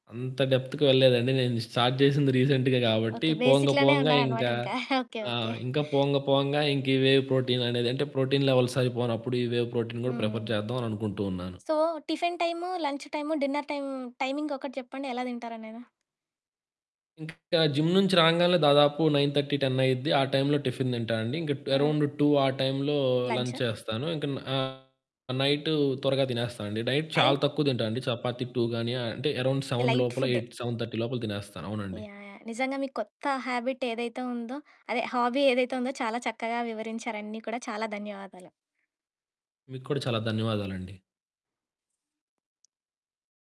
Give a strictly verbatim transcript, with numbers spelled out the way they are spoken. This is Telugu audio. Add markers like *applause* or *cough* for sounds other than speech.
అంత డెప్త్‌కి వెళ్ళలేదండి. నేను స్టార్ట్ చేసింది రీసెంట్‌గా కాబట్టి ఓకే. పోంగ బేసిక్‌లోనే పోంగా ఉన్నారు అనమాట ఇంకా ఇంకా *chuckles* ఓకే ఓకే. ఆహ్ ఇంకా పోంగా పోంగా ఇంకి వే ప్రోటీన్ అనేది అంటే ప్రోటీన్ లెవెల్స్ అయిపోనప్పుడు ఈ వే ప్రోటీన్ కూడా ప్రిఫర్ హ్మ్. చేద్దాం అని అనుకుంటూ ఉన్నాను. So tiffin time, lunch time, dinner time timing ఒకటి చెప్పండి ఎలా తింటారో నేను. ఇంకా జిమ్ నుంచి రాంగాలనే దాదాపు నైన్ థర్టీ టెన్ అయ్యిద్ది ఆ టైంలో టిఫిన్ తింటానండి. ఇంకా ఆ! అరౌండ్ టూ ఆ టైమ్‌లో లంచ్ లంచా? చేస్తాను, ఇంక ఆహ్, నైటు త్వరగా తినేస్తా అండి నైట్ చాలా టైం? తక్కువ తింటానండి చపాతీ టూ గానీ అంటే అరౌండ్ సెవెన్ లైట్ లోపల ఫుడ్డు. ఎయిట్ సెవెన్ థర్టీ లోపల తినేస్తాను యాహ్! అవునండి. యాహ్! నిజంగా మీ కొత్త హాబిట్ ఏదైతే ఉందో అదే హాబీ ఏదైతే ఉందో చాలా చక్కగా వివరించారు అన్ని కూడా చాలా ధన్యవాదాలు. మీకు కూడా చాలా ధన్యవాదాలండి.